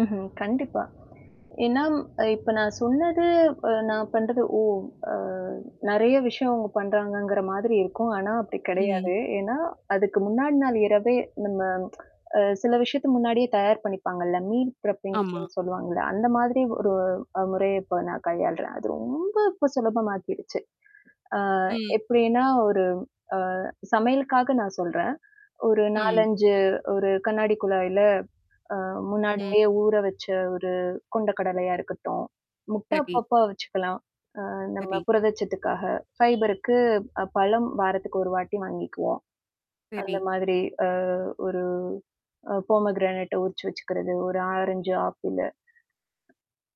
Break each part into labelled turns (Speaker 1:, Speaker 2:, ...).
Speaker 1: ம்ஹ்ம். கண்டிப்பா. ஏன்னா ம் அ இப்ப நான் சொன்னது, அ நான் பண்றது ஓ அ நெறைய விஷயம் அவுங்க பண்றாங்கங்கிற மாதிரி இருக்கும். ஆனா அப்பிடி
Speaker 2: ம்.
Speaker 1: கிடையாது. ஏன்னா, அதுக்கு முன்னாடி நாள் இரவே நம்ம அ சில விஷயத்த முன்னாடியே தயார் பண்ணிப்பாங்கள்ல, மீல்
Speaker 2: ஆமா.
Speaker 1: ப்ரப்பிங்ன்னு சொல்லுவாங்கள்ல. அந்தமாதிரி ஒரு அ முறைய இப்ப நான் கையாள்றேன். அது ரொம்ப இப்போ சுலபமாக்கிடுச்சு. ஆ
Speaker 2: ம்.
Speaker 1: எப்பிடின்னா ஒரு அ சமையலுக்காக நான் சொல்றேன். ஒரு
Speaker 2: ம்.
Speaker 1: 4, 5 ஒரு கண்ணாடி குழாய்ல அ
Speaker 2: ம்.
Speaker 1: முன்னாடியே ஊர வச்ச ஒரு கொண்ட கடலையா இருக்கட்டும். முட்ட
Speaker 2: சரி.
Speaker 1: அப்பப்ப வச்சுக்கலாம். அ நம்ம
Speaker 2: சரி.
Speaker 1: புரதட்சத்துக்காக ஃபைபருக்கு அ பழம் வாரத்துக்கு ஒரு வாட்டி வாங்கிக்குவோம். அந்த
Speaker 2: சரி.
Speaker 1: மாதிரி அ ஒரு அ போமோகிரானேட்ட உரிச்சு வச்சுக்கிறது ஒரு ஆரஞ்சு, ஆப்பிளு.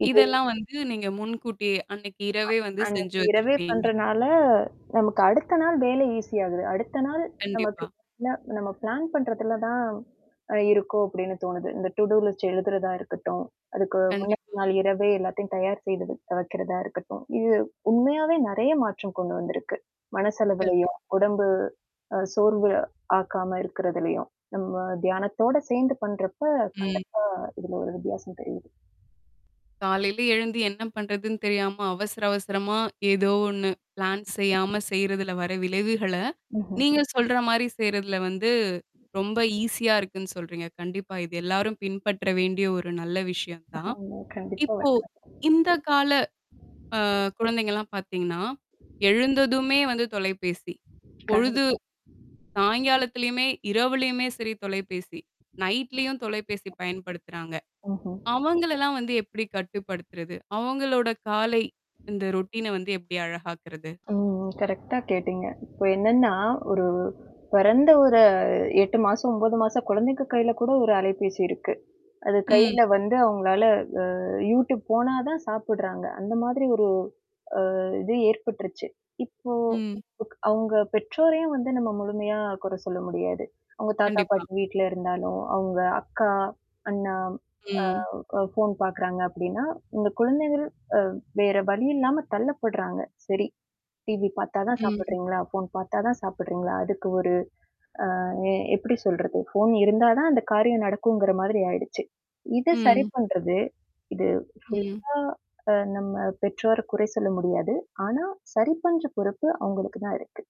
Speaker 1: இது
Speaker 2: இதெல்லாம் வந்து நீங்க முன்கூட்டியே அன்னக்கி
Speaker 1: அ
Speaker 2: இரவே வந்து செஞ்சு
Speaker 1: அன்னக்கி இரவே
Speaker 2: வச்சுப்பீங்க.
Speaker 1: பண்றனால, நமக்கு அடுத்த நாள் வேலை ஈசி ஆகுது. அடுத்த நாள் நமக்கு
Speaker 2: கண்டிப்பா.
Speaker 1: இல்ல நம்ம பிளான் பண்றதுல தான் அ இருக்கும் அப்பிடின்னு தோணுது. இந்த டுடூலிஸ்ட் எழுதுறதா இருக்கட்டும், அதுக்கு முன்ன
Speaker 2: கண்டிப்பா.
Speaker 1: நாள் இரவே எல்லாத்தையும் தயார் செய்தது வைக்கிறதா இருக்கட்டும். இது உண்மையாவே நெறைய மாற்றம் கொண்டு வந்திருக்கு.
Speaker 2: கண்டிப்
Speaker 1: மனசளவுலயும், உடம்பு அ சோர்வு ஆக்காம இருக்கிறதலயும், நம்ம தியானத்தோட சேர்ந்து பண்றப்ப கண்டிப்பா
Speaker 2: ம்.
Speaker 1: இதுல ஒரு வித்தியாசம் தெரியுது.
Speaker 2: காலையில எழுந்து என்ன பண்றதுன்னு தெரியாம, அவசர, அவசரமா ஏதோ ஒன்னு பிளான் செய்யாம செய்றதுல வர விளைவுகள,
Speaker 1: ம்ஹ்ம்.
Speaker 2: நீங்க சொல்றமாரி செய்றதுல வந்து ரொம்ப ஈசியா இருக்குன்னு சொல்றீங்க. கண்டிப்பா. இது எல்லாரும் பின்பற்ற வேண்டிய ஒரு நல்ல விஷயம் தான்.
Speaker 1: ஆமா கண்டிப்பா
Speaker 2: இப்போ,
Speaker 1: [unintelligible]
Speaker 2: இந்த கால அ குழந்தைங்கலாம் பாத்தீங்கன்னா, எழுந்ததுமே வந்து தொலைபேசி. பொழுது
Speaker 1: கண்டிப்பா.
Speaker 2: சாய்ங்காலத்திலயுமே, இரவுலயுமே சரி தொலைபேசி. நைட்லயும் தொலைபேசி பயன்படுத்துறாங்க.
Speaker 1: ஓஹோ!
Speaker 2: அவங்களெல்லாம் வந்து எப்டி கட்டுப்படுத்துறது? அவுங்களோட காலை இந்த ரொட்டீன வந்து எப்டி அழகாக்குறது?
Speaker 1: ம், ம். கரெக்டா கேட்டீங்க. இப்போ என்னன்னா, ஒரு பொறந்த ஒரு 8 மாசம், 9 மாசம் குழந்தைங்க கையில கூட ஒரு அலைபேசி இருக்கு. அது
Speaker 2: ம்.
Speaker 1: கையில வந்து அவுங்களால அ Youtube போனா தான் சாப்புட்றாங்க. அந்த மாதிரி ஒரு அ இது ஏற்பட்டுருச்சு. இப்போ
Speaker 2: ம்.
Speaker 1: க் அவுங்க பெற்றோரையும் வந்து நம்ம முழுமையா குற சொல்ல முடியாது. அவுங்க தாத்தா,
Speaker 2: கண்டிப்பா.
Speaker 1: பாட்டி வீட்ல இருந்தாலும், அவுங்க அக்கா, அண்ணா, அ
Speaker 2: ம்.
Speaker 1: அ ஃபோன் பார்க்குறாங்க அப்பிடின்னா, இந்த குழந்தைகள் அ வேற வழி இல்லாம தள்ளப்படுறாங்க. சரி, டிவி பாத்தாதான்
Speaker 2: ம்.
Speaker 1: சாப்புடுறீங்களா? ஃபோன் பார்த்தா தான் சாப்புடுறீங்களா? அதுக்கு ஒரு அ எ எப்டி சொல்றது? ஃபோன் இருந்தா தான் அந்த காரியம் நடக்குங்கிற மாதிரி ஆயிடுச்சு. இத சரி
Speaker 2: ம்.
Speaker 1: பண்றது இது
Speaker 2: ம்.
Speaker 1: ஃபுல்லா அ நம்ம பெற்றோர குறை சொல்ல முடியாது. ஆனா சரி பண்ற பொறுப்பு அவுங்களுக்கு தான் இருக்கு.